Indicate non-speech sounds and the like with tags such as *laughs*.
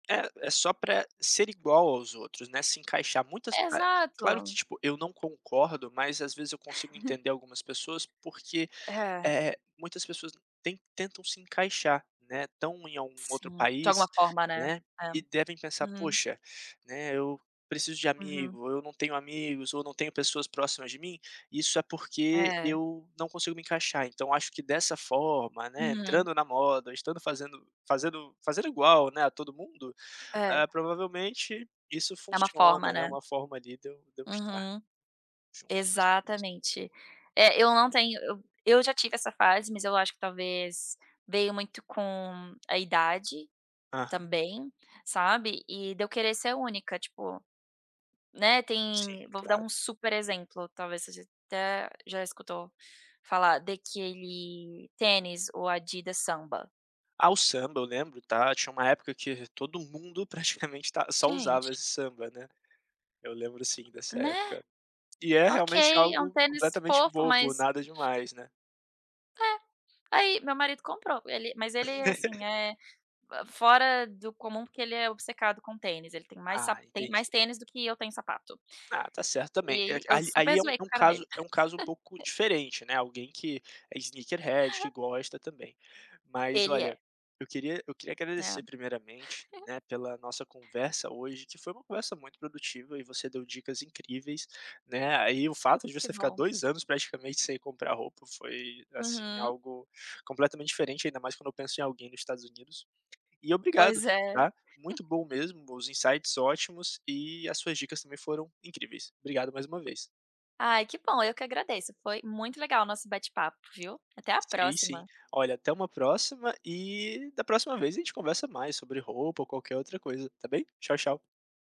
É é só para ser igual aos outros, né, se encaixar muitas claro que Exato. tipo eu não concordo mas às vezes eu consigo *laughs* entender algumas pessoas porque, É. eh, muitas pessoas ten tentam se encaixar, né, estão em algum outro Sim, de alguma país, forma, né. né, É, e devem pensar: hum. "Poxa, né, eu preciso de Uhum. amigo ou eu não tenho amigos ou não tenho pessoas próximas de mim, isso é porque É. eu não consigo me encaixar então acho que dessa forma, né, Uhum. entrando na moda, estando fazendo fazendo fazendo igual, né, a todo mundo, É. eh, provavelmente isso Está uma funciona, forma, né, é né. uma forma ali de eu de eu estar, Uhum. junto das pessoas". Exatamente. Eh, eu não tenho eu eu já tive essa fase mas eu acho que talvez veio muito com a idade, Aham. também, sabe, e de eu querer ser única tipo, né, tem Sim, vou dar claro. um super exemplo talvez você até já escutou falar daquele tênis o Adidas Samba. Ah, o samba eu lembro, está, tinha uma época que todo mundo praticamente está só usava Gente. esse samba, né, eu lembro sim dessa Né, época. E é realmente ok, é um algo tênis completamente fofo, bobo, mas nada demais, né. é, aí meu marido comprou, ele mas ele é assim *laughs* é, fora do comum por que ele é obcecado com tênis, ele tem mais Ah, sap tem mais entendi. tênis do que eu tenho sapato. Ah, está certo também, E eu aí super aí é um zoei é com o um cara caso dele. é um caso um pouco diferente, né, alguém que sneaker head e que gosta também, Mas Ele olha, é. eu queria eu queria É. agradecer primeiramente, *chuckles* né, pela nossa conversa hoje que foi uma conversa muito produtiva e você deu dicas incríveis, né, aí o fato de Que você ficar bom. 2 anos praticamente sem comprar roupa foi, assim, Uhum. algo completamente diferente ainda mais quando eu penso em alguém nos Estados Unidos. E obrigado Pois é. está, *chuckles* muito bom mesmo os insights ótimos e as suas dicas também foram incríveis, obrigado mais uma vez. Ai que bom eu que agradeço foi muito legal o nosso bate-papo, viu? Até a Sei, sim. próxima. Olha até uma próxima e da próxima vez a gente conversa mais sobre roupa ou qualquer outra coisa, está bem? Tchau, tchau.